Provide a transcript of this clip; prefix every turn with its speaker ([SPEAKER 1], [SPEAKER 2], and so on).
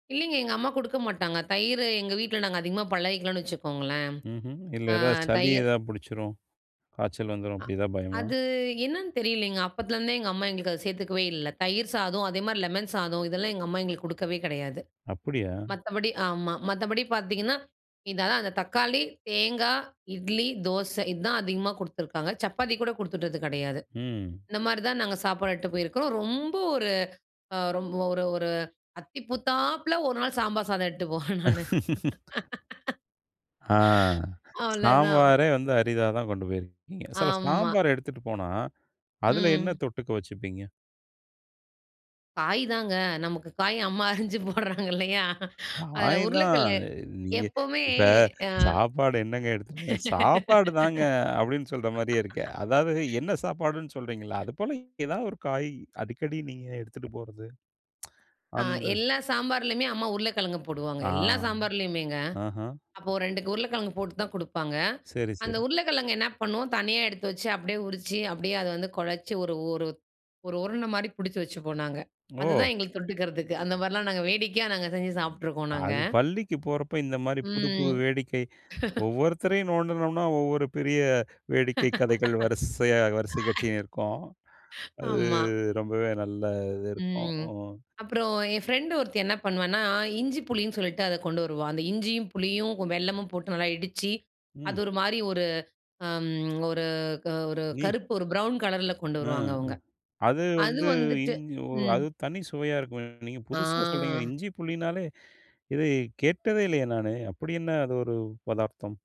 [SPEAKER 1] இல்லைங்க. எங்க அம்மா குடுக்க மாட்டாங்க. தயிர எங்க வீட்டில நாங்க அதிகமா பழகிக்கலாம்னு வச்சுக்கோங்களேன்.
[SPEAKER 2] ம்ஹ்ம். இல்ல,
[SPEAKER 1] அ
[SPEAKER 2] ஏதா சளி
[SPEAKER 1] தயிர்.
[SPEAKER 2] ஏதா புடிச்சிரும். காய்ச்சல் வந்துரும்
[SPEAKER 1] அ.
[SPEAKER 2] அப்படி ஏதாவது பயமா?
[SPEAKER 1] அது என்னன்னு தெரியலைங்க அப்போத்துலருந்தே எங்க அம்மா எங்களுக்கு அதை சேர்த்துக்கவே இல்ல. தயிர் சாதம் அதேமாதிரி லெமன் சாதம் இதெல்லாம் எங்க அம்மா எங்களுக்கு கொடுத்ததே கிடையாது.
[SPEAKER 2] அப்படியா?
[SPEAKER 1] மத்தபடி ஆமா மத்தபடி பாத்தீங்கன்னா, இது அதான் அந்த தக்காளி, தேங்காய், இட்லி, தோசை இதுதான் அதிகமா குடுத்துருக்காங்க. சப்பாத்தி கூட கொடுத்துட்டது கெடையாது.
[SPEAKER 2] ம்.
[SPEAKER 1] இந்த மாதிரி தான் நாங்க சாப்பாடு எடுத்துட்டு போயிருக்குறோம். ரொம்ப ஒரு, அ ரொம்ப ஒரு ஒரு அத்தி பூத்தாப்பில ஒரு நாள் சாம்பார் சாதம் எடுத்துட்டு போவேன் நானு.
[SPEAKER 2] ஆ
[SPEAKER 1] அவ்வளோதான்.
[SPEAKER 2] சாம்பாரே வந்து அரிதா தான் கொண்டு போயிருக்கீங்க. சோ,
[SPEAKER 1] ஆமா.
[SPEAKER 2] சாம்பார் எடுத்துட்டு போனா அதில என்ன
[SPEAKER 1] ம்.
[SPEAKER 2] தொட்டுக்க வச்சுப்பீங்க?
[SPEAKER 1] காய் தாங்க நமக்கு காய் அம்மா அறிஞ்சு போடுறாங்க இல்லயா. அதில
[SPEAKER 2] காய் தான்
[SPEAKER 1] உருளைக்கிழங்கு
[SPEAKER 2] அ நீங்க
[SPEAKER 1] எப்பவுமே
[SPEAKER 2] இப்ப
[SPEAKER 1] அ.
[SPEAKER 2] சாப்பாடு என்னங்க எடுத் சாப்பாடு தாங்க அப்படின்னு சொல்ற மாரியே இருக்கு. அதாவது என்ன சாப்பாடுன்னு சொல்றீங்கள்ல
[SPEAKER 1] [unintelligible]
[SPEAKER 2] அது போல் ஏதாவது ஒரு காய் அடிக்கடி நீங்க எடுத்துட்டு போறது.
[SPEAKER 1] ஆ
[SPEAKER 2] அந்த.
[SPEAKER 1] எல்லா சாம்பார்லேயுமே அம்மா உருளைக்கிழங்கு போடுவாங்க.
[SPEAKER 2] ஆ
[SPEAKER 1] எல்லா சாம்பார்லேயுமேங்க.
[SPEAKER 2] ஆஹ.
[SPEAKER 1] அப்போ 2 உருளைக்கிழங்கு போட்டு தான் கொடுப்பாங்க.
[SPEAKER 2] சரி,
[SPEAKER 1] அந்த
[SPEAKER 2] சரி.
[SPEAKER 1] உருளைக்கிழங்கு என்ன பண்ணுவோம் தனியா எடுத்து வச்சு அப்படியே உறிச்சி அப்படியே அதை வந்து குழச்சி ஒரு ஒரு ஒரு உருண்ட மாதிரி பிடிச்சு வச்சுப்போம். நாங்க அதுதான்
[SPEAKER 2] ஓ!
[SPEAKER 1] எங்களுக்கு தொட்டுக்கிறதுக்கு அந்த மாதிரிலாம் நாங்க வேடிக்கையா, நாங்க செஞ்சு சாப்பிட்டுருக்கோம் நாங்க.
[SPEAKER 2] அது பள்ளிக்கு போறப்ப இந்த மாரி புது புது
[SPEAKER 1] ம்.
[SPEAKER 2] வேடிக்கை ஒவ்வொருத்தரையும் நோண்டுனோம்னா, ஒவ்வொரு பெரிய வேடிக்கை கதைகள் வரிசையா, வரிசை கட்டின்னு இருக்கும் அது
[SPEAKER 1] ஆமா.
[SPEAKER 2] ரொம்பவே நல்ல இது இருக்கும்.
[SPEAKER 1] ம்.
[SPEAKER 2] ம்.
[SPEAKER 1] அப்புறம் என் ஃப்ரெண்ட் ஒருத்தி என்ன பண்ணுவான்னா, இஞ்சி, புளின்னு சொல்லிட்டு அத கொண்டு வருவா. அந்த இஞ்சியும், புளியும் வெல்லமும் போட்டு நல்லா இடிச்சு அது
[SPEAKER 2] ம்.
[SPEAKER 1] ஒரு மாதிரி, ஒரு அம். ஒரு ஒரு
[SPEAKER 2] நீ.
[SPEAKER 1] கருப்பு ஒரு ப்ரவுன் கலர்ல கொண்டு வருவாங்க
[SPEAKER 2] ம்.
[SPEAKER 1] அவுங்க.
[SPEAKER 2] அது
[SPEAKER 1] அது
[SPEAKER 2] வந்து
[SPEAKER 1] வந்துட்டு
[SPEAKER 2] இஞ் ஓ
[SPEAKER 1] ம்.
[SPEAKER 2] அது தனி சுவையா இருக்குமே நீங்க
[SPEAKER 1] ஆ.
[SPEAKER 2] புதுசா சொல்றீங்க, இஞ்சி, புளினாலே இது கேட்டதே இல்லையே, நானு அப்படி என்ன அது ஒரு பதார்த்தம்?